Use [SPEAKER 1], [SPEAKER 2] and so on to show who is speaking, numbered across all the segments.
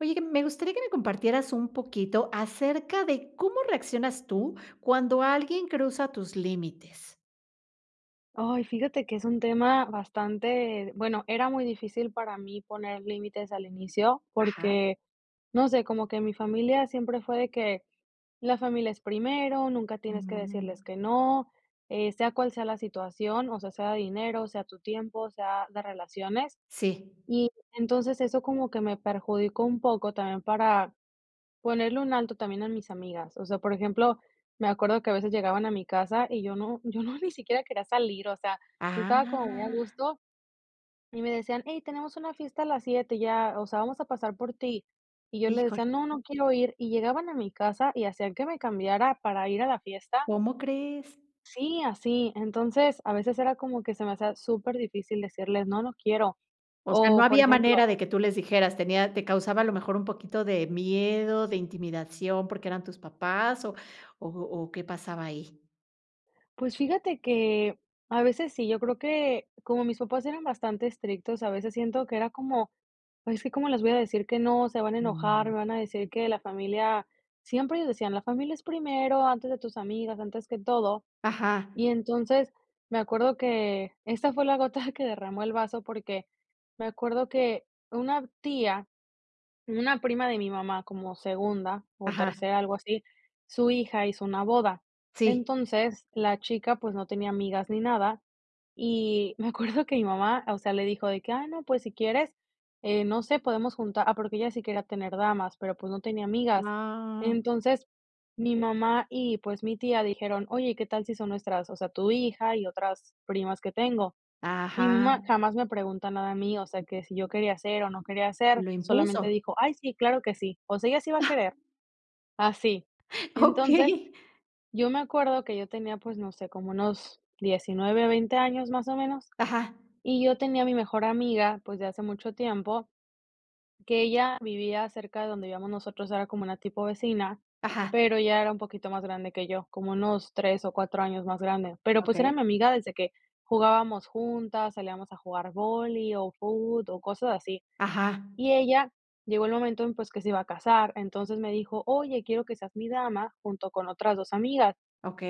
[SPEAKER 1] Oye, que me gustaría que me compartieras un poquito acerca de cómo reaccionas tú cuando alguien cruza tus límites.
[SPEAKER 2] Ay, fíjate que es un tema bastante bueno, era muy difícil para mí poner límites al inicio.
[SPEAKER 1] Ajá.
[SPEAKER 2] Porque, no sé, como que en mi familia siempre fue de que: "La familia es primero, nunca tienes que decirles
[SPEAKER 1] Mm.
[SPEAKER 2] que no, eh, sea cual sea la situación". O sea, sea de dinero, sea tu tiempo, sea de relaciones.
[SPEAKER 1] Sí.
[SPEAKER 2] Y entonces eso como que me perjudicó un poco también para, ponerle un alto también a mis amigas. O sea, por ejemplo, me acuerdo que a veces llegaban a mi casa, y yo no yo no ni siquiera quería salir, o sea, yo estaba como muy a
[SPEAKER 1] Ah.
[SPEAKER 2] gusto. Y me decían: "Hey, tenemos una fiesta a las 7, y ya, o sea, vamos a pasar por ti", y yo le
[SPEAKER 1] Híjole.
[SPEAKER 2] decía: "No, no quiero ir", y llegaban a mi casa, y hacían que me cambiara para ir a la fiesta.
[SPEAKER 1] ¿Cómo crees?
[SPEAKER 2] Sí, así, entonces, a veces era como que se me hacía súper difícil decirles: "No, no quiero".
[SPEAKER 1] O sea, ¿no
[SPEAKER 2] O, por
[SPEAKER 1] había
[SPEAKER 2] ejemplo
[SPEAKER 1] manera de que tú les dijeras tenía te causaba a lo mejor un poquito de miedo, de intimidación, porque eran tus papás, o o o qué pasaba ahí?
[SPEAKER 2] Pues fíjate que a veces sí, yo creo que como mis papás eran bastante estrictos, a veces siento que era como: "Ay, es que como les voy a decir que no, se van a enojar,
[SPEAKER 1] Mm.
[SPEAKER 2] me van a decir que la familia", siempre ellos decían: "La familia es primero, antes de tus amigas, antes que todo".
[SPEAKER 1] Ajá.
[SPEAKER 2] Y entonces, me acuerdo que esta fue la gota que derramó el vaso, porque me acuerdo que una tía, una prima de mi mamá, como segunda o
[SPEAKER 1] Ajá.
[SPEAKER 2] tercera, algo así, su hija hizo una boda,
[SPEAKER 1] Sí.
[SPEAKER 2] entonces, la chica, pues, no tenía amigas ni nada, y me acuerdo que mi mamá, o sea, le dijo de que: "Ah, no, pues, si quieres, eh, no sé, podemos juntar", ah, porque ella sí quería tener damas, pero, pues, no tenía amigas.
[SPEAKER 1] Ah.
[SPEAKER 2] Entonces, mi mamá y, pues, mi tía dijeron: "Oye, ¿qué tal si son nuestras o sea, tu hija y otras primas que tengo?". Y mi
[SPEAKER 1] Ajá.
[SPEAKER 2] mamá jamás me pregunta nada a mí, o sea, que si yo quería hacer o no quería ser,
[SPEAKER 1] Lo
[SPEAKER 2] solamente
[SPEAKER 1] impuso.
[SPEAKER 2] dijo: "Ay, sí, claro que sí". O sea, ella sí va a querer. Así. Entonces,
[SPEAKER 1] Okey.
[SPEAKER 2] yo me acuerdo que yo tenía, pues, no sé, como unos 19 o 20 años más o menos,
[SPEAKER 1] Ajá.
[SPEAKER 2] y yo tenía mi mejor amiga, pues, de hace mucho tiempo que ella vivía cerca de donde vivíamos nosotros, era como una tipo vecina,
[SPEAKER 1] Ajá.
[SPEAKER 2] pero ella era un poquito más grande que yo, como unos 3 o 4 años más grande, pero pues era
[SPEAKER 1] Okey.
[SPEAKER 2] mi amiga desde que jugábamos juntas, salíamos a jugar vóley, o fut, o cosas así.
[SPEAKER 1] Ajá.
[SPEAKER 2] Y ella llegó el momento en pues que se iba a casar, entonces me dijo: "Oye, quiero que seas mi dama junto con otras 2 amigas,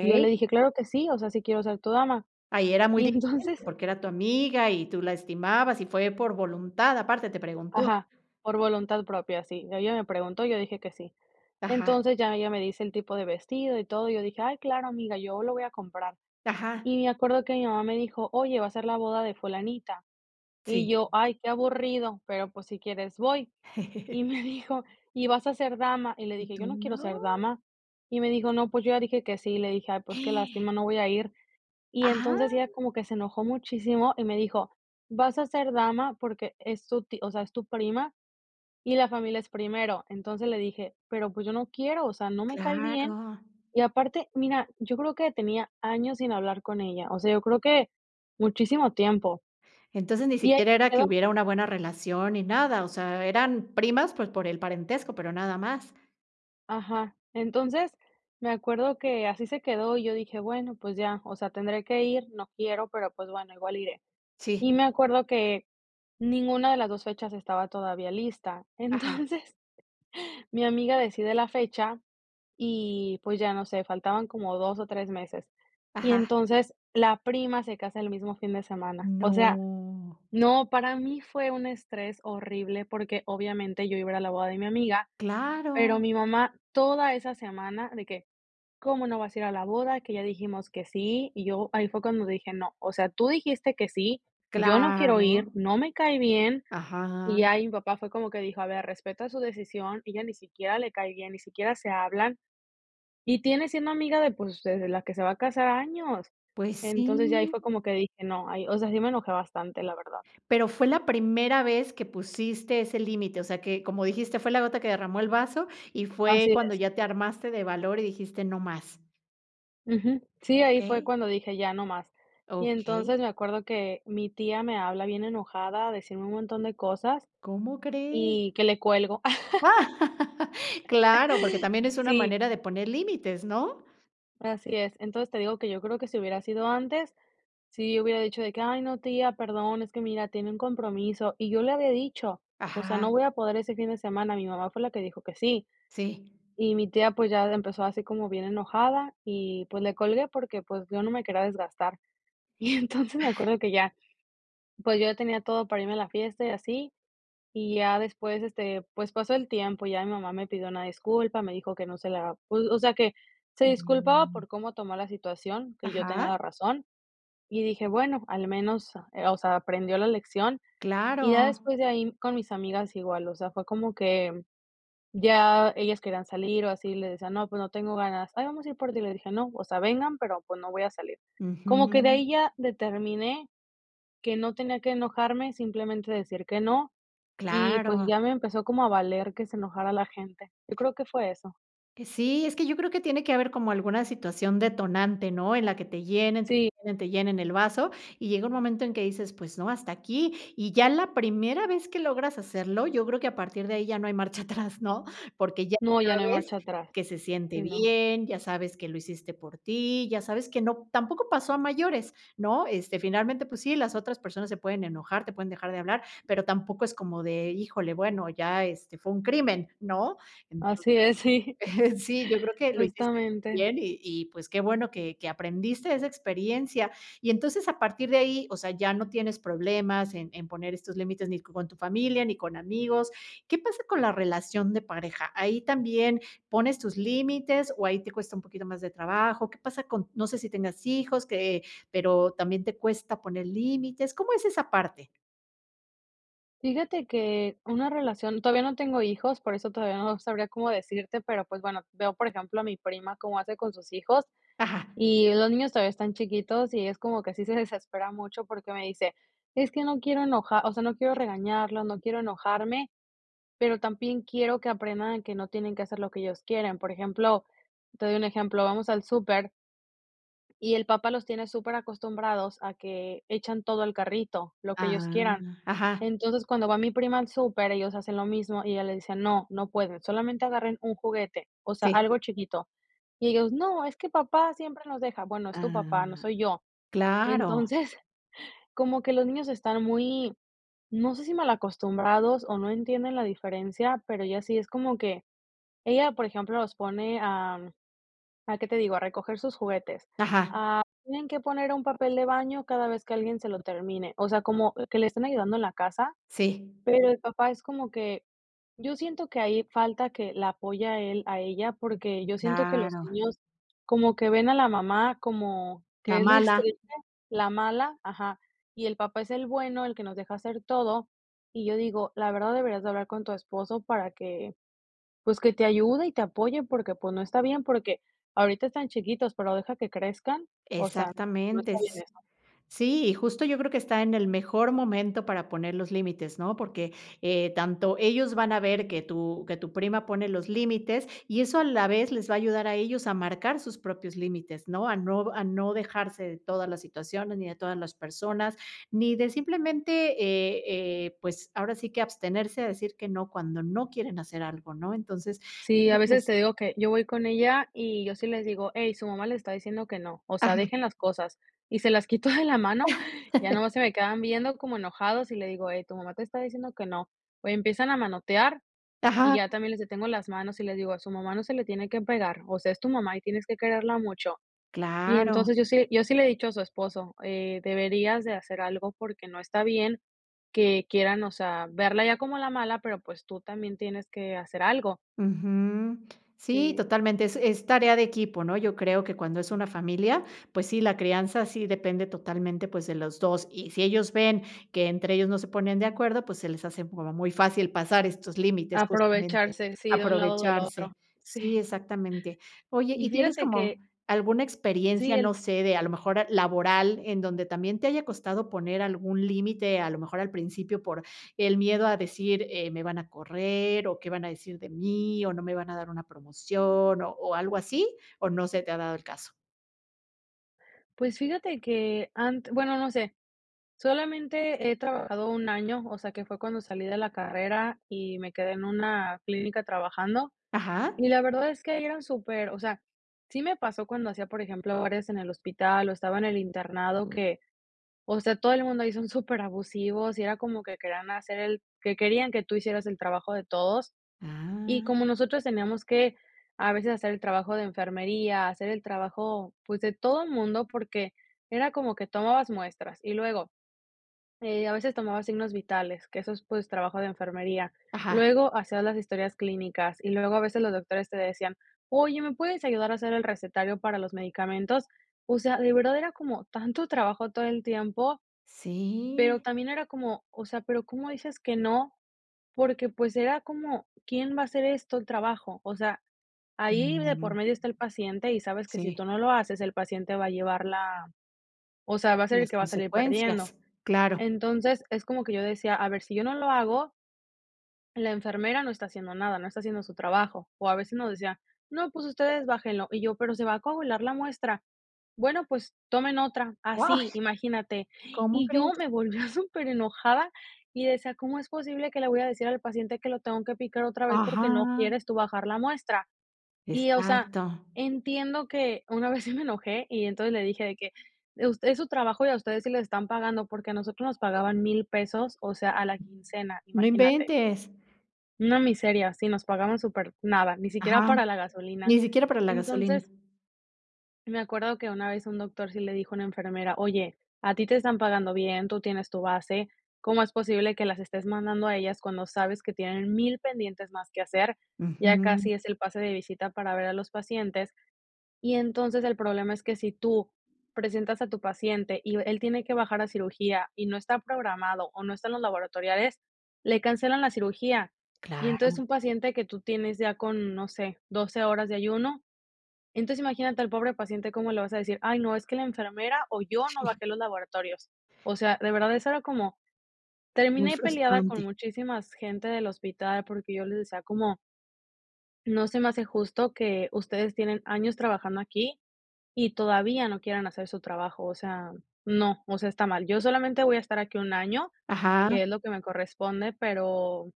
[SPEAKER 2] y yo le dije: "Claro que sí, o sea, sí quiero ser tu dama".
[SPEAKER 1] Ahí era muy
[SPEAKER 2] Y entonces
[SPEAKER 1] diferente porque era tu amiga y tú la estimabas y fue por voluntad, aparte, te preguntó.
[SPEAKER 2] Ajá, por voluntad propia, sí, ella me preguntó y yo dije que sí,
[SPEAKER 1] Ajá.
[SPEAKER 2] entonces, ya ella me dice el tipo de vestido y todo, y yo dije: "Ay, claro, amiga, yo lo voy a comprar".
[SPEAKER 1] Ajá.
[SPEAKER 2] Y me acuerdo que mi mamá me dijo: "Oye, va a ser la boda de fulanita". Y
[SPEAKER 1] Sí.
[SPEAKER 2] yo: "Ay, qué aburrido, pero, pues, si quieres voy". Y me dijo: "Y vas a ser dama". Y le
[SPEAKER 1] Y
[SPEAKER 2] dije:
[SPEAKER 1] tú:
[SPEAKER 2] "Yo no quiero
[SPEAKER 1] "No".
[SPEAKER 2] ser dama". Y me dijo: "No, pues, yo ya dije que sí". Y le dije: "Ay, pues, qué lástima, no voy a ir". Y
[SPEAKER 1] ¡Ah!
[SPEAKER 2] entonces, ella como que se enojó muchísimo y me dijo: "Vas a ser dama porque es tu tí o sea, es tu prima, y la familia es primero". Entonces, le dije: "Pero, pues, yo no quiero, o sea, no me cae bien".
[SPEAKER 1] Claro.
[SPEAKER 2] Y aparte, mira, yo creo que tenía años sin hablar con ella, o sea, yo creo que muchísimo tiempo.
[SPEAKER 1] Entonces ni
[SPEAKER 2] Y ahí
[SPEAKER 1] siquiera
[SPEAKER 2] se
[SPEAKER 1] era que
[SPEAKER 2] quedó.
[SPEAKER 1] hubiera una buena relación ni nada, o sea, eran primas, pues, por el parentesco, pero nada más.
[SPEAKER 2] Ajá, entonces, me acuerdo que así se quedó y yo dije: "Bueno, pues ya, o sea, tendré que ir, no quiero, pero, pues bueno, igual iré".
[SPEAKER 1] Sí.
[SPEAKER 2] Y me acuerdo que ninguna de las 2 fechas estaba todavía lista.
[SPEAKER 1] Ajá.
[SPEAKER 2] Entonces, mi amiga decide la fecha y pues ya, no sé, faltaban como 2 o 3 meses. Y
[SPEAKER 1] Ajá.
[SPEAKER 2] entonces la prima se casa el mismo fin de semana, o sea,
[SPEAKER 1] No.
[SPEAKER 2] no, para mí fue un estrés horrible porque, obviamente, yo iba a ir a la boda de mi amiga, pero
[SPEAKER 1] Claro.
[SPEAKER 2] mi mamá toda esa semana de que: "¿Cómo no vas a ir a la boda? Que ya dijimos que sí". Y yo, ahí fue cuando dije: "No, o sea, tú dijiste que sí, yo no quiero ir,
[SPEAKER 1] Claro.
[SPEAKER 2] no me cae bien". Y
[SPEAKER 1] Ajá.
[SPEAKER 2] ya, ahí mi papá fue como que dijo: "A ver, respeta su decisión, ella ni siquiera le cae bien, ni siquiera se hablan, y tiene siendo amiga de, pues, de la que se va a casar, años".
[SPEAKER 1] ¡Pues
[SPEAKER 2] Entonces, ya ahí
[SPEAKER 1] sí!
[SPEAKER 2] fue como que dije: "No". Ahí, o sea, sí me enojé bastante, la verdad.
[SPEAKER 1] Pero fue la primera vez que pusiste ese límite, o sea que, como dijiste: "Fue la gota que derramó el vaso". Y fue
[SPEAKER 2] Así
[SPEAKER 1] cuando
[SPEAKER 2] es.
[SPEAKER 1] ya te armaste de valor y dijiste: "No más".
[SPEAKER 2] Ujú. Sí, ahí fue
[SPEAKER 1] Okey.
[SPEAKER 2] cuando dije: "Ya, no más". Y
[SPEAKER 1] Okey.
[SPEAKER 2] entonces me acuerdo que mi tía me habla bien enojada a decirme un montón de cosas
[SPEAKER 1] ¿Cómo crees?
[SPEAKER 2] y que le cuelgo.
[SPEAKER 1] Claro, porque también es una
[SPEAKER 2] Sí.
[SPEAKER 1] manera de poner límites, ¿no?
[SPEAKER 2] Así es. Entonces, te digo que yo creo que si hubiera sido antes, si hubiera dicho de que: "Ay, no, tía, perdón, es que mira, tenía un compromiso". Y yo le había dicho, o sea,
[SPEAKER 1] Ajá.
[SPEAKER 2] no voy a poder ese fin de semana, mi mamá fue la que dijo que sí.
[SPEAKER 1] Sí.
[SPEAKER 2] Y mi tía, pues, ya empezó así como bien enojada y, pues, le colgué porque, pues, yo no me quería desgastar. Y entonces, me acuerdo que ya, pues, yo ya tenía todo para irme a la fiesta y así, y ya después, este, pues, pasó el tiempo, ya mi mamá me pidió una disculpa, me dijo que no se la pues, o sea, que se disculpaba por cómo tomó la situación, que yo tenía
[SPEAKER 1] Ajá.
[SPEAKER 2] la razón, y dije: "Bueno, al menos, ah, o sea, aprendió la lección". Y ya
[SPEAKER 1] Claro.
[SPEAKER 2] después de ahí con mis amigas igual, o sea, fue como que ya ellas querían salir o así, y les decía: "No, pues no tengo ganas". "Ay, vamos a ir por ti". Y le dije: "No, o sea, vengan, pero pues no voy a salir". Como que de
[SPEAKER 1] Ujú.
[SPEAKER 2] ahí ya determiné que no tenía que enojarme, simplemente decir que no, y, pues,
[SPEAKER 1] Claro.
[SPEAKER 2] ya me empezó como a valer que se enojara la gente. Yo creo que fue eso.
[SPEAKER 1] Que sí, es que yo creo que tiene que haber como alguna situación detonante, ¿no? En la que te llenen, te
[SPEAKER 2] Sí.
[SPEAKER 1] llenen, te llenen el vaso y llega un momento en que dices: "Pues no, hasta aquí". Y ya la primera vez que logras hacerlo, yo creo que a partir de ahí ya no hay marcha atrás, ¿no? Porque ya
[SPEAKER 2] No, ya no hay
[SPEAKER 1] sabes
[SPEAKER 2] marcha atrás.
[SPEAKER 1] que se siente
[SPEAKER 2] Sí, no.
[SPEAKER 1] bien, ya sabes que lo hiciste por ti, ya sabes que no tampoco pasó a mayores, ¿no?, este, finalmente, pues sí, las otras personas se pueden enojar, te pueden dejar de hablar, pero tampoco es como de: "Híjole, bueno, ya, este, fue un crimen", ¿no? Entonces,
[SPEAKER 2] Así es, sí.
[SPEAKER 1] sí, yo creo que lo hiciste muy
[SPEAKER 2] Justamente.
[SPEAKER 1] bien y y pues qué bueno que que aprendiste de esa experiencia. Y entonces, a partir de ahí, o sea, ya no tienes problemas en en poner estos límites ni co con tu familia ni con amigos. ¿Qué pasa con la relación de pareja? ¿Ahí también pones tus límites o ahí te cuesta un poquito más de trabajo? ¿Qué pasa con? No sé si tengas hijos que pero, ¿también te cuesta poner límites? ¿Cómo es esa parte?
[SPEAKER 2] Fíjate que una relación todavía no tengo hijos, por eso todavía no sabría cómo decirte, pero, pues, bueno, veo por ejemplo a mi prima cómo hace con sus hijos.
[SPEAKER 1] Ajá.
[SPEAKER 2] Y los niños todavía están chiquitos, y es como que sí se desespera mucho, porque me dice: "Es que no quiero enoja o sea, no quiero
[SPEAKER 1] Así.
[SPEAKER 2] regañarlos, no quiero enojarme, pero también quiero que aprendan a que no tienen que hacer lo que ellos quieren. Por ejemplo, te doy un ejemplo, vamos al súper y el papá los tiene superacostumbrados a que echan todo al carrito, lo que ellos quieran.
[SPEAKER 1] Am, ajá.
[SPEAKER 2] Entonces, cuando va mi prima al súper, ellos hacen lo mismo, y ella le dice: "No, no pueden, solamente agarren un juguete", o sea,
[SPEAKER 1] Si.
[SPEAKER 2] algo chiquito. Y ellos: "No, es que papá siempre nos deja", "Bueno, es tu papá, no
[SPEAKER 1] Am,
[SPEAKER 2] soy yo".
[SPEAKER 1] claro.
[SPEAKER 2] Entonces, como que los niños están muy, no sé, si mal acostumbrados, o no entienden la diferencia, pero ella sí es como que ella por ejemplo, los pone a a qué te digo, a recoger sus juguetes,
[SPEAKER 1] Ajá.
[SPEAKER 2] ah, tienen que poner un papel de baño cada vez que alguien se lo termine. O sea, como que le estén ayudando en la casa,
[SPEAKER 1] Sí.
[SPEAKER 2] pero el papá es como que yo siento que ahí falta que la apoya él a ella, porque yo siento que los
[SPEAKER 1] Claro.
[SPEAKER 2] niños como que ven a la mamá como
[SPEAKER 1] La
[SPEAKER 2] que es la
[SPEAKER 1] mala.
[SPEAKER 2] estrella la mala Ajá, y el papá es el bueno, el que nos deja hacer todo. Y yo digo, la verdad deberías de hablar con tu esposo para que, pues, que te ayude y te apoye, porque, pues, no está bien, porque ahorita están chiquitos, pero deja que crezcan. O sea no
[SPEAKER 1] Exactamente.
[SPEAKER 2] está
[SPEAKER 1] S
[SPEAKER 2] bien eso.
[SPEAKER 1] sí, y justo yo creo que está en el mejor momento para poner los límites, ¿no? Porque, eh, tanto ellos van a ver que tu que tu prima pone los límites. Y eso a la vez les va a ayudar a ellos a marcar sus propios límites, ¿no? A no a no dejarse de todas las situaciones, ni de todas las personas, ni de simplemente, eh eh, pues, ahora sí que abstenerse a decir que no cuando no quieren hacer algo, ¿no? Entonces, yo
[SPEAKER 2] Sí, a
[SPEAKER 1] creo que
[SPEAKER 2] veces
[SPEAKER 1] crees
[SPEAKER 2] te digo que yo voy con ella, y yo sí les digo: "Hey, su mamá le está diciendo que no, o sea,
[SPEAKER 1] Ajá.
[SPEAKER 2] dejen las cosas", y se las quito de la mano, ya nomás se me quedan viendo como enojados, y le digo: "Hey, tu mamá te está diciendo que no". O empiezan a manotear, y
[SPEAKER 1] Ajá.
[SPEAKER 2] ya también les detengo las manos, y les digo: "A su mamá no se le tiene que pegar, o sea, es tu mamá y tienes que quererla mucho". Y
[SPEAKER 1] Claro.
[SPEAKER 2] entonces yo sí yo sí le he dicho a su esposo, eh: "Deberías de hacer algo, porque no está bien que quieran, o sea, verla ya como la mala, pero, pues tú también tienes que hacer algo".
[SPEAKER 1] Ujú. Sí,
[SPEAKER 2] Si.
[SPEAKER 1] totalmente, es es tarea de equipo, ¿no? Yo creo que cuando es una familia, pues sí, la crianza sí depende totalmente, pues, de los 2, y si ellos ven que entre ellos no se ponen de acuerdo, pues se les hace como muy fácil pasar estos límites, justamente
[SPEAKER 2] Aprovecharse, sí, de un lado o del otro.
[SPEAKER 1] aprovecharse. Sí,
[SPEAKER 2] Sí.
[SPEAKER 1] exactamente. Oye,
[SPEAKER 2] Y
[SPEAKER 1] ¿y tienes
[SPEAKER 2] fíjate
[SPEAKER 1] como
[SPEAKER 2] que
[SPEAKER 1] alguna
[SPEAKER 2] Sí,
[SPEAKER 1] experiencia,
[SPEAKER 2] él
[SPEAKER 1] no sé, de a lo mejor laboral, en donde también te haya costado poner algún límite, a lo mejor al principio por el miedo a decir: "Eh, me van a correr o qué van a decir de mí, o no me van a dar una promoción", o algo así, o no se te ha dado el caso?
[SPEAKER 2] Pues, fíjate que, ant bueno, no sé. Solamente he trabajado 1 año. O sea, que fue cuando salí de la carrera, y me quedé en una clínica trabajando.
[SPEAKER 1] Ajá.
[SPEAKER 2] Y la verdad es que ahí eran súper o sea, sí me pasó cuando hacía, por ejemplo, horas en el hospital, o estaba en el internado que, o sea, todo el mundo ahí son superabusivos. Y era como que querían hacer el que querían que tú hicieras el trabajo de todos. Y
[SPEAKER 1] Ah.
[SPEAKER 2] como nosotros teníamos que, a veces hacer el trabajo de enfermería, hacer el trabajo, pues, de todo mundo, porque era como que tomabas muestras, y luego, eh, a veces tomaba signos vitales, que eso es, pues, trabajo de enfermería.
[SPEAKER 1] Ajá.
[SPEAKER 2] Luego, hacías las historias clínicas, y luego a veces los doctores te decían: "Oye, ¿me puedes ayudar a hacer el recetario para los medicamentos?". O sea, de verdad era como tanto trabajo todo el tiempo, pero
[SPEAKER 1] Sí.
[SPEAKER 2] también era como, o sea, ¿pero cómo dices que no? Porque, pues, era como, ¿quién va a hacer esto, el trabajo? O sea, ahí de
[SPEAKER 1] Mm.
[SPEAKER 2] por medio está el paciente, y sabes que si
[SPEAKER 1] Sí.
[SPEAKER 2] tú no lo haces, el paciente va a llevar la o sea, va a ser el
[SPEAKER 1] Las
[SPEAKER 2] que va a salir perdiendo.
[SPEAKER 1] consecuencias, claro.
[SPEAKER 2] Entonces, es como que yo decía: "A ver, si yo no lo hago" "la enfermera no está haciendo nada, no está haciendo su trabajo". O a veces nos decía: "No, pues ustedes bájenlo", y yo: "Pero se va a coagular la muestra", "Bueno, pues, tomen otra",
[SPEAKER 1] ¡Wao!
[SPEAKER 2] así imagínate.
[SPEAKER 1] ¿Cómo
[SPEAKER 2] Y yo
[SPEAKER 1] crees?
[SPEAKER 2] me volvía superenojada, y decía: "¿Cómo es posible que le voy a decir al paciente que lo tengo que picar otra vez, porque no
[SPEAKER 1] Ajá.
[SPEAKER 2] quieres tú bajar la muestra?". Y, o sea,
[SPEAKER 1] Exacto.
[SPEAKER 2] entiendo que una vez sí me enojé, y entonces le dije de que: "Eh, us es su trabajo, y a ustedes sí les están pagando", porque a nosotros nos pagaban $1000 pesos, o sea, a la quincena,
[SPEAKER 1] No
[SPEAKER 2] imagínate.
[SPEAKER 1] inventes.
[SPEAKER 2] Una miseria si nos pagaban súper nada, ni siquiera
[SPEAKER 1] Ajá,
[SPEAKER 2] para la gasolina.
[SPEAKER 1] ni siquiera para la gasolina.
[SPEAKER 2] Entonces me acuerdo que una vez un doctor sí le dijo a una enfermera: "Oye, a ti te están pagando bien, tú tienes tu base, ¿cómo es posible que las estés mandando a ellas cuando sabes que tienen 1000 pendientes más que hacer? Ya
[SPEAKER 1] Ujú.
[SPEAKER 2] casi es el pase de visita para ver a los pacientes". Y entonces el problema es que si tú presentas a tu paciente y v él tiene que bajar a cirugía y no está programado o no están los laboratoriales, le cancelan la cirugía. Y entonces
[SPEAKER 1] Claro.
[SPEAKER 2] un paciente que tú tienes ya con, no sé, 12 horas de ayuno. Entonces imagínate al pobre paciente como le vas a decir: "Ay, no, es que la enfermera o yo no
[SPEAKER 1] Sí.
[SPEAKER 2] bajé los laboratorios". O sea, de verdad, eso era como,
[SPEAKER 1] Muy
[SPEAKER 2] terminé peleada con
[SPEAKER 1] frustrante.
[SPEAKER 2] muchísimas gente del hospital porque yo les decía como no se me hace justo que ustedes tienen años trabajando aquí y todavía no quieran hacer su trabajo, o sea, no, o sea, está mal. Yo solamente voy a estar aquí 1 año,
[SPEAKER 1] Ajá.
[SPEAKER 2] que es lo que me corresponde, pero,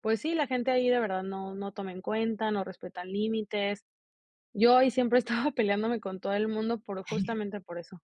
[SPEAKER 2] pues sí, la gente ahí de verdad no no toma en cuenta, no respetan límites. Yo ahí siempre estaba peleándome con todo el mundo por justamente por eso.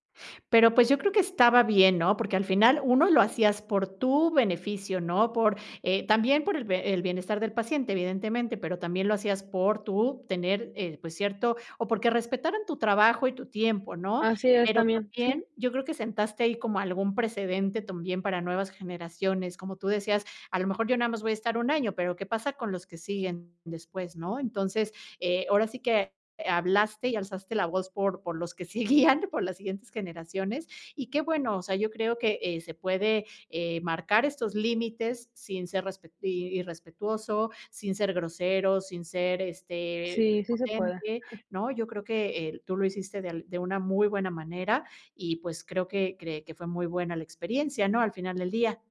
[SPEAKER 1] Pero, pues, yo creo que estaba bien, ¿no? Porque al final 1, lo hacías por tu beneficio, ¿no? Por, eh también por el b el bienestar del paciente, evidentemente, pero también lo hacías por tú tener, eh, pues cierto, o porque respetaran tu trabajo y tu tiempo, ¿no?
[SPEAKER 2] Así es
[SPEAKER 1] Pero
[SPEAKER 2] también, sí.
[SPEAKER 1] también yo creo que sentaste ahí como algún precedente también para nuevas generaciones, como tú decías, a lo mejor yo nada más voy a estar 1 año, pero ¿qué pasa con los que siguen después, no? Entonces, eh, ahora sí que, eh, hablaste y alzaste la voz por por los que seguían, por las siguientes generaciones. Y qué bueno, o sea, yo creo que eh, se puede eh, marcar estos límites sin ser respet i irrespetuoso, sin ser grosero, sin ser, este,
[SPEAKER 2] Sí, sí se puede.
[SPEAKER 1] prepotente, ¿no? Yo creo que el tú lo hiciste de al de una muy buena manera y, pues, creo que, cre que fue muy buena la experiencia, ¿no? Al final del día.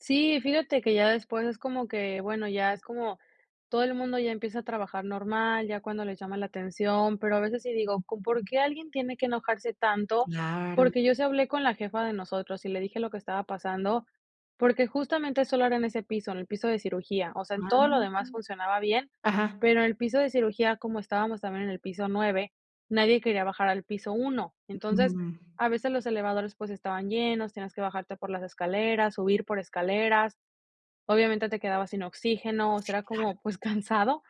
[SPEAKER 2] Sí, fíjate que ya después es como que, bueno, ya es como todo el mundo ya empieza a trabajar normal, ya cuando les llama la atención, pero a veces sí digo, con ¿por qué alguien tiene que enojarse tanto?
[SPEAKER 1] Claro.
[SPEAKER 2] Porque yo sí hablé con la jefa de nosotros y le dije lo que estaba pasando, porque justamente solo era en ese piso, en el piso de cirugía, o sea, en todo lo
[SPEAKER 1] Am,
[SPEAKER 2] demás funcionaba bien,
[SPEAKER 1] ajá.
[SPEAKER 2] pero en el piso de cirugía, como estábamos también en el piso 9, nadie quería bajar al piso 1. Entonces,
[SPEAKER 1] Mm.
[SPEAKER 2] a veces los elevadores, pues, estaban llenos, tenías que bajarte por las escaleras, subir por escaleras. Obviamente, te quedabas sin oxígeno, o sea,
[SPEAKER 1] Si,
[SPEAKER 2] era
[SPEAKER 1] claro.
[SPEAKER 2] como, pues, cansado.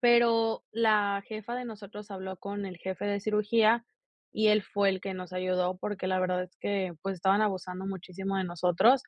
[SPEAKER 2] Pero la jefa de nosotros habló con el jefe de cirugía y él fue el que nos ayudó, porque la verdad es que, pues, estaban abusando muchísimo de nosotros.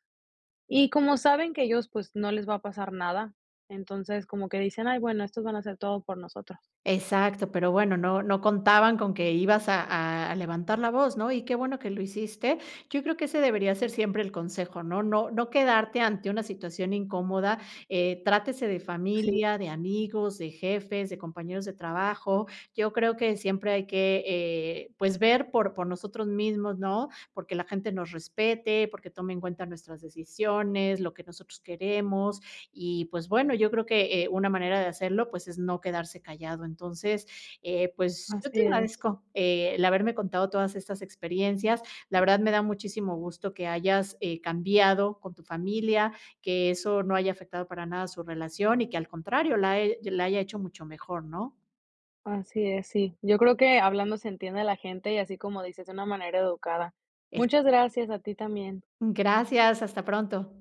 [SPEAKER 2] Y como saben que ellos, pues, no les va a pasar nada. Entonces, como que dicen: "Ay, bueno, estos van hacer todo por nosotros".
[SPEAKER 1] Exacto. Pero bueno, no no contaban con que ibas a a levantar la voz, ¿no? Y qué bueno que lo hiciste. Yo creo que ese debería ser siempre el consejo, ¿no? No no quedarte ante una situación incómoda, eh, trátese de
[SPEAKER 2] Sí.
[SPEAKER 1] familia, de amigos, de jefes, de compañeros de trabajo. Yo creo que siempre hay que, eh, pues ver por por nosotros mismos, ¿no?, porque la gente nos respete, porque tome en cuenta nuestras decisiones, lo que nosotros queremos. Y pues bueno, yo creo que, eh, una manera de hacerlo, pues es no quedarse callado. Entonces, eh, pues yo
[SPEAKER 2] Así
[SPEAKER 1] te
[SPEAKER 2] es.
[SPEAKER 1] agradezco el haberme contado todas estas experiencias. La verdad me da muchísimo gusto que hayas, eh, cambiado con tu familia, que eso no haya afectado para nada su relación y que al contrario, la e la haya hecho mucho mejor, ¿no?
[SPEAKER 2] Así, es, sí. Yo creo que hablando se entiende la gente y así como dices, una manera educada.
[SPEAKER 1] Eso.
[SPEAKER 2] Muchas gracias a ti también.
[SPEAKER 1] Gracias, hasta pronto.